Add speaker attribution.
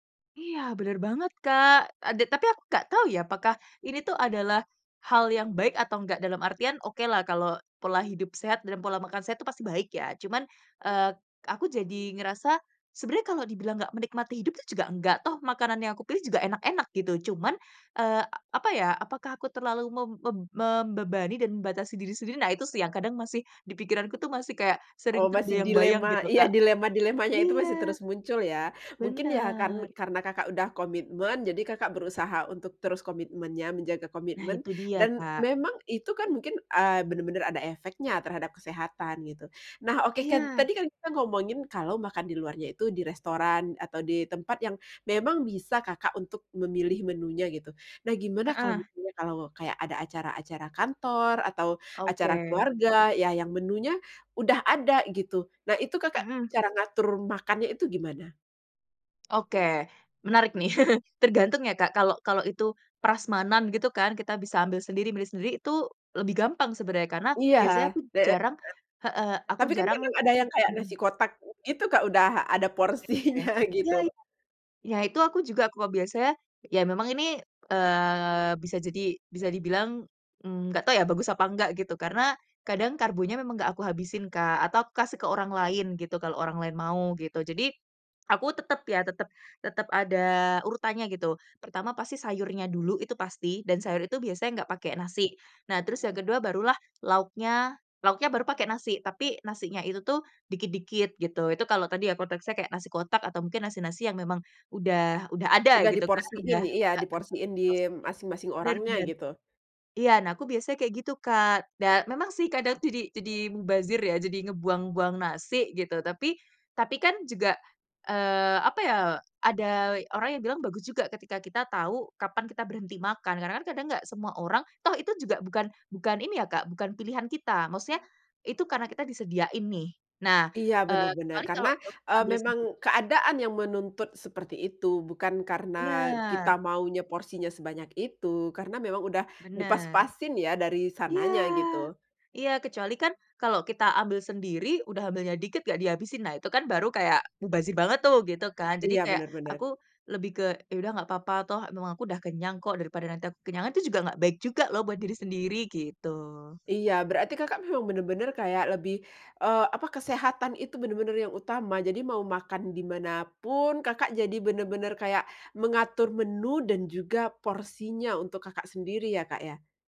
Speaker 1: Iya bener banget, Kak. Ada, tapi aku nggak tahu ya apakah ini tuh adalah hal yang baik atau nggak. Dalam artian, okelah kalau pola hidup sehat dan pola makan sehat itu pasti baik ya. Cuman, eee, aku jadi ngerasa sebenarnya kalau dibilang nggak menikmati hidup tuh juga nggak toh, makanan yang aku pilih juga enak-enak gitu. Cuman eee, apa ya, apakah aku terlalu mem mem membebani dan membatasi diri sendiri? Nah itu sih yang kadang masih di pikiranku tuh, masih kayak
Speaker 2: Oh
Speaker 1: sering
Speaker 2: masih
Speaker 1: terbayang-bayang
Speaker 2: dilema,
Speaker 1: gitu,
Speaker 2: iya
Speaker 1: Kak.
Speaker 2: dilema-dilemanya itu masih
Speaker 1: Iya.
Speaker 2: terus muncul ya, mungkin ya karen
Speaker 1: Bener.
Speaker 2: karena Kakak udah komitmen jadi Kakak berusaha untuk terus komitmennya, menjaga
Speaker 1: Nah
Speaker 2: komitmen.
Speaker 1: itu dia,
Speaker 2: Dan
Speaker 1: Kak.
Speaker 2: memang itu kan mungkin, eee, bener-bener ada efeknya terhadap kesehatan gitu. Nah, oke kat
Speaker 1: Iya.
Speaker 2: tadi kan kita ngomongin kalau makan di luarnya itu di restoran, atau di tempat yang memang bisa Kakak untuk memilih menunya gitu. Nah gimana kalau
Speaker 1: Heeh.
Speaker 2: misalnya kalau kayak ada acara-acara kantor atau acara
Speaker 1: Oke.
Speaker 2: keluarga ya, yang menunya udah ada gitu, nah itu Kakak
Speaker 1: Mhm.
Speaker 2: cara ngatur makannya itu gimana?
Speaker 1: Oke, menarik nih. Tergantung ya Kak, kalau kalau itu prasmanan gitu kan kita bisa ambil sendiri, milih sendiri, itu lebih gampang sebenarnya karena
Speaker 2: Iya, heeh
Speaker 1: biasanya aku
Speaker 2: heeh.
Speaker 1: jarang heeh aku
Speaker 2: Tapi kan
Speaker 1: jarang
Speaker 2: kadang ada yang kayak nasi
Speaker 1: mhm.
Speaker 2: kotak gitu Kak, udah ada porsinya
Speaker 1: [unintelligible] iya
Speaker 2: gitu.
Speaker 1: iya. Ya itu aku juga kok biasanya, iya memang ini, eee, bisa jadi bisa dibilang, mmm, nggak tahu ya bagus apa nggak gitu, karena kadang karbonya memang nggak aku habisin Kak, atau kasih ke orang lain gitu, kalau orang lain mau gitu. Jadi aku tetep ya, tetep tetep ada urutannya gitu. Pertama pasti sayurnya dulu itu pasti, dan sayur itu biasanya nggak pakai nasi. Nah terus yang kedua barulah lauknya lauknya baru pakai nasi, tapi nasinya itu tuh dikit-dikit gitu. Itu kalau tadi ya konteksnya kayak nasi kotak atau mungkin nasi-nasi yang memang udah udah ada
Speaker 2: Udah
Speaker 1: gitu kan,
Speaker 2: diporsiin,
Speaker 1: udah
Speaker 2: iya diporsiin
Speaker 1: [unintelligible]
Speaker 2: di masing-masing
Speaker 1: bener
Speaker 2: orangnya
Speaker 1: bener.
Speaker 2: gitu.
Speaker 1: Iya nah aku biasanya kayak gitu Kak dan memang sih kadang jadi jadi mubazir ya, jadi ngebuang-buang nasi gitu, tapi tapi kan juga, eee, apa ya, ada orang yang bilang bagus juga ketika kita tahu kapan kita berhenti makan. Karena kan kadang nggak semua orang toh itu juga bukan bukan ini ya Kak, bukan pilihan kita, maksudnya itu karena kita disediain nih. Nah,
Speaker 2: Iya bener
Speaker 1: eee,
Speaker 2: bener
Speaker 1: kecuali
Speaker 2: karena,
Speaker 1: kalau, eee,
Speaker 2: eee,
Speaker 1: ambil
Speaker 2: memang
Speaker 1: sendiri
Speaker 2: keadaan yang menuntut seperti itu, bukan karena kita
Speaker 1: Bener.
Speaker 2: maunya porsinya sebanyak itu karena memang udah
Speaker 1: Bener.
Speaker 2: dipas-pasin ya dari
Speaker 1: Iya.
Speaker 2: sananya gitu.
Speaker 1: Iya kecuali kan kalau kita ambil sendiri, udah ambilnya dikit nggak dihabisin, nah itu kan baru kayak mubazir banget tuh gitu kan. Jadi
Speaker 2: Iya,
Speaker 1: kayak
Speaker 2: bener bener.
Speaker 1: aku lebih ke ya udah nggak apa-apa, toh emang aku udah kenyang kok daripada nanti aku kekenyangan itu juga nggak baik juga loh buat diri sendiri gitu.
Speaker 2: Iya berarti Kakak memang bener-bener kayak lebih, eee, apa kesehatan itu bener-bener yang utama. Jadi mau makan di mana pun Kakak jadi bener-bener kayak mengatur menu dan juga porsinya untuk Kakak sendiri ya Kak ya?